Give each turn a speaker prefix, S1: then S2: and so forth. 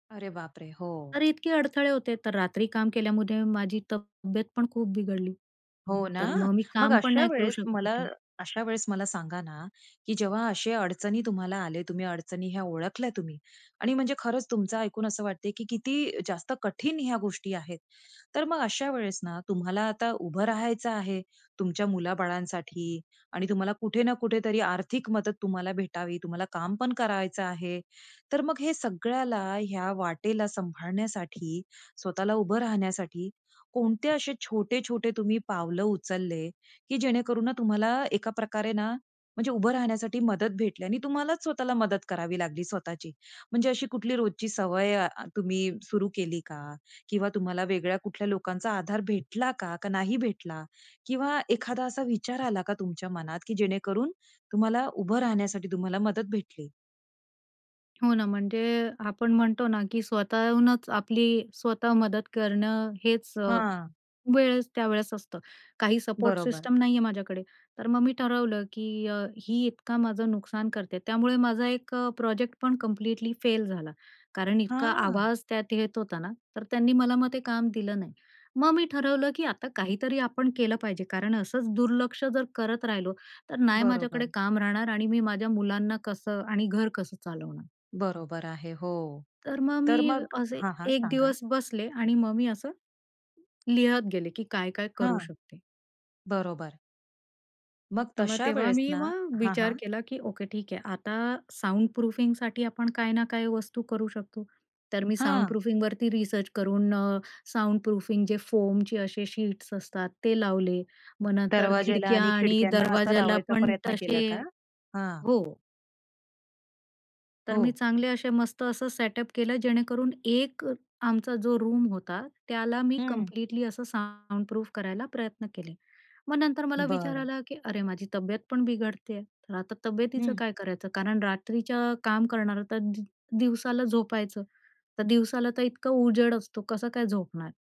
S1: अरे, बापरे! हो.
S2: तर इतके अडथळे होते तर रात्री काम केल्यामुळे माझी तब्येत पण खूप बिघडली.
S1: हो ना,
S2: तर मग मी
S1: मग
S2: काम पण
S1: अशा
S2: नाही करू
S1: वेळेस
S2: शकत
S1: मला
S2: होते.
S1: अशा वेळेस मला सांगा ना, की जेव्हा अशा अडचणी तुम्हाला आले, तुम्ही अडचणी ह्या ओळखल्या तुम्ही आणि म्हणजे खरंच तुमचं ऐकून असं वाटतंय, की किती जास्त कठीण ह्या गोष्टी आहेत. तर मग अशा वेळेस ना, तुम्हाला आता उभं राहायचं आहे, तुमच्या मुलाबाळांसाठी आणि तुम्हाला कुठे ना कुठेतरी आर्थिक मदत तुम्हाला भेटावी, तुम्हाला काम पण करायचं आहे. तर मग हे सगळ्याला ह्या वाटेला सांभाळण्यासाठी, स्वतःला उभं राहण्यासाठी कोणते असे छोटे, छोटे तुम्ही पावलं उचलले, की जेणेकरून ना तुम्हाला ना एका प्रकारे ना, म्हणजे उभं राहण्यासाठी मदत भेटली आणि तुम्हालाच स्वतःला मदत करावी लागली स्वतःची. म्हणजे अशी कुठली रोजची सवय तुम्ही सुरू अ, केली का? किंवा तुम्हाला वेगळ्या कुठल्या लोकांचा आधार भेटला का, का नाही भेटला? किंवा एखादा असा विचार आला का तुमच्या मनात, की जेणेकरून तुम्हाला उभं राहण्यासाठी तुम्हाला मदत भेटली?
S2: हो ना, म्हणजे अ, आपण म्हणतो ना, की स्वतःहूनच आपली स्वतः मदत करणं हेच अ,
S1: हां.
S2: वेळेस त्यावेळेस असतं. काही सपोर्ट
S1: बरोबर.
S2: सिस्टीम नाहीये माझ्याकडे. तर मग मी ठरवलं, की अ, ही इतकं माझं नुकसान करते, त्यामुळे माझा एक अ, प्रोजेक्ट पण कम्प्लीटली फेल झाला, कारण इतका
S1: हां.
S2: आवाज त्यात येत होता ना, तर त्यांनी मला मग ते काम दिलं नाही. मग मी ठरवलं, की आता काहीतरी आपण केलं पाहिजे, कारण असंच दुर्लक्ष जर करत राहिलो, तर नाही माझ्याकडे
S1: बरोबर.
S2: काम राहणार आणि मी माझ्या मुलांना कसं आणि घर कसं चालवणार?
S1: बरोबर आहे हो.
S2: तर मग मी
S1: तर मग
S2: असे
S1: हां, हां,
S2: एक
S1: सांगा?
S2: दिवस बसले आणि मग मी असं, लिहत गेले, की काय-काय करू
S1: हां.
S2: शकते.
S1: बरोबर. मग
S2: तर मग
S1: तशा
S2: तेव्हा
S1: वेळेस
S2: मी
S1: ना
S2: मग
S1: हां,
S2: विचार
S1: हां.
S2: केला, की ओके ठीक आहे, आता साउंड प्रूफिंगसाठी आपण काही ना काही वस्तू करू शकतो. तर मी साउंड
S1: हां.
S2: प्रूफिंगसाठी रिसर्च करून अ, साउंड प्रूफिंग जे फोमचे असे शीट्स असतात ते लावले. मग नंतर
S1: दरवाज्याला
S2: खिडक्या
S1: आणि
S2: आणि
S1: खिडक्यांना असा
S2: दरवाज्याला
S1: लावायचा
S2: पण
S1: प्रयत्न
S2: तसे
S1: केला का? हां.
S2: हो. तर मी
S1: हो.
S2: चांगले असे, मस्त असं सेटअप केलं, जेणेकरून एक आमचा जो रूम होता, त्याला मी
S1: हं.
S2: कम्प्लीटली असं साउंडप्रूफ करायला प्रयत्न केले. मग नंतर मला विचार
S1: बरं.
S2: आला, की अरे, माझी तब्येत पण बिघडते आहे, तर आता तब्येतीचं
S1: हं.
S2: काय करायचं? कारण रात्रीच्या काम करणारं तर दि दिवसाला झोपायचं, तर दिवसाला तर इतका उजेड असतो, कसं काय झोपणार?